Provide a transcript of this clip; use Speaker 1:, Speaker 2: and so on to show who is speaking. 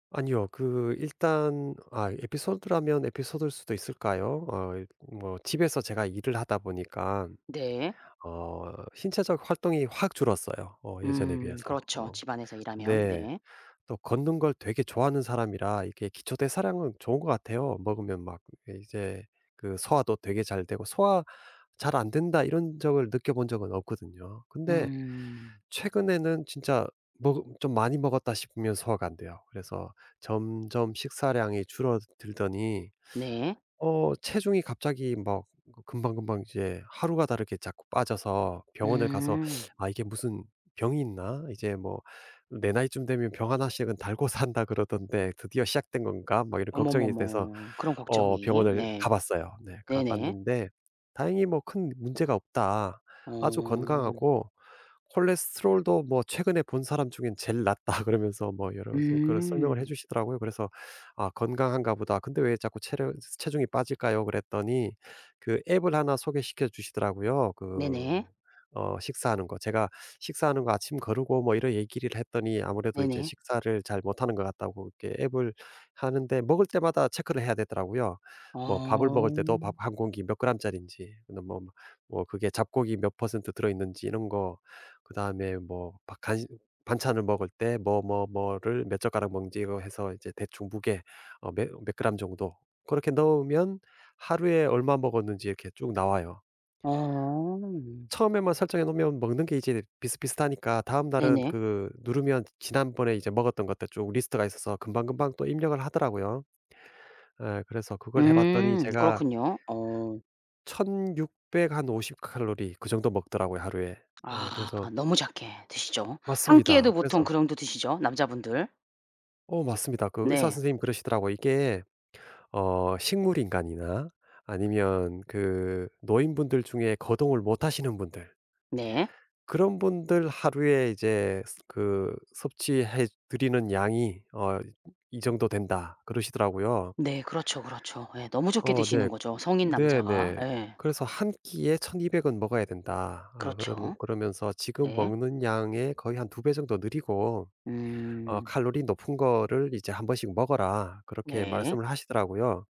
Speaker 1: 아니요. 그 일단 아 에피소드라면 에피소드일 수도 있을까요? 아이 뭐 집에서 제가 일을 하다 보니깐
Speaker 2: 네.
Speaker 1: 어 신체적 활동이 확 줄었어요 어 예전에
Speaker 2: 음
Speaker 1: 비해서.
Speaker 2: 그렇죠.
Speaker 1: 어
Speaker 2: 집안에서 일하면.
Speaker 1: 네.
Speaker 2: 네.
Speaker 1: 또 걷는 걸 되게 좋아하는 사람이라 이렇게 기초대사량은 좋은 것 같아요. 먹으면 막 이제 그 소화도 되게 잘 되고 '소화 잘 안 된다.' 이런 적을 느껴본 적은 없거든요. 근데
Speaker 2: 음.
Speaker 1: 최근에는 진짜 먹 좀 많이 먹었다 싶으면 소화가 안 돼요. 그래서 점점 식사량이 줄어들더니
Speaker 2: 네.
Speaker 1: 어 체중이 갑자기 막 금방금방 이제 하루가 다르게 자꾸 빠져서 병원을 가서
Speaker 2: 음.
Speaker 1: '아 이게 무슨 병이 있나? 이제 뭐 내 나이쯤 되면 병 1 씩은 달고 산다 그러던데 드디어 시작된 건가?' 막 이런 걱정이 돼서
Speaker 2: 어머머머. 그런
Speaker 1: 어
Speaker 2: 걱정이.
Speaker 1: 병원을
Speaker 2: 네.
Speaker 1: 가봤어요. 네
Speaker 2: 네네.
Speaker 1: 가봤는데 다행히 뭐 "큰 문제가 없다. 아주
Speaker 2: 어.
Speaker 1: 건강하고 콜레스테롤도 뭐 최근에 본 사람 중에 제일 낫다." 그러면서 뭐 여러 가지 그런 설명을 해
Speaker 2: 음.
Speaker 1: 주시더라고요. 그래서 "아 건강한가 보다. 근데 왜 자꾸 체력 체중이 빠질까요?" 그랬더니 그 앱을 1 소개시켜 주시더라고요. 그
Speaker 2: 네네.
Speaker 1: 어 식사하는 거. 제가 식사하는 거 아침 거르고 뭐 이런 얘기를 했더니 아무래도 이제
Speaker 2: 네네.
Speaker 1: 식사를 잘 못하는 것 같다고 이게 앱을 하는데 먹을 때마다 체크를 해야 되더라고요. 뭐 밥을
Speaker 2: 어.
Speaker 1: 먹을 때도 밥 1 공기 몇 그램짜리인지 너 뭐 뭐 그게 잡곡이 몇 퍼센트 들어 있는지 이런 거. 그다음에 뭐 바 간 반찬을 먹을 때 뭐, 뭐, 뭐를 몇 젓가락 먹는지 이거 해서 이제 대충 무게 어 며 몇 그램 정도 그렇게 넣으면 하루에 얼마 먹었는지 이렇게 쭉 나와요.
Speaker 2: 어.
Speaker 1: 처음에만 설정해 놓으면 먹는 게 이제 비슷비슷하니까 다음날은
Speaker 2: 네네.
Speaker 1: 그 누르면 지난번에 이제 먹었던 것들 쭉 리스트가 있어서 금방금방 또 입력을 하더라고요. 어 그래서 그걸 해 봤더니
Speaker 2: 음
Speaker 1: 제가
Speaker 2: 그렇군요. 어.
Speaker 1: 1,600 한 50 칼로리 그 정도 먹더라고요 하루에. 네
Speaker 2: 아
Speaker 1: 그래서
Speaker 2: 너무 작게 드시죠. 1 끼에도
Speaker 1: 맞습니다.
Speaker 2: 보통 그
Speaker 1: 그래서
Speaker 2: 정도 드시죠 남자분들.
Speaker 1: 어 맞습니다. 그 의사
Speaker 2: 네.
Speaker 1: 선생님이 그러시더라고요. "이게 어 식물인간이나 아니면 그 노인분들 중에 거동을 못 하시는 분들"
Speaker 2: 네.
Speaker 1: "그런 분들 하루에 이제 그 섭취해 드리는 양이 어 이 정도 된다." 그러시더라고요.
Speaker 2: 네 그렇죠, 그렇죠. 예 너무 적게
Speaker 1: 어
Speaker 2: 드시는
Speaker 1: 네.
Speaker 2: 거죠 성인
Speaker 1: 네
Speaker 2: 남자가.
Speaker 1: 네.
Speaker 2: 예.
Speaker 1: 그래서 "1 끼에 1,200 은 먹어야 된다. 아 그러면
Speaker 2: 그렇죠.
Speaker 1: 그러면서 지금
Speaker 2: 네.
Speaker 1: 먹는 양의 거의 한 2 배 정도 늘이고 어
Speaker 2: 음.
Speaker 1: 칼로리 높은 거를 이제 1 번씩 먹어라." 그렇게
Speaker 2: 네.
Speaker 1: 말씀을 하시더라고요.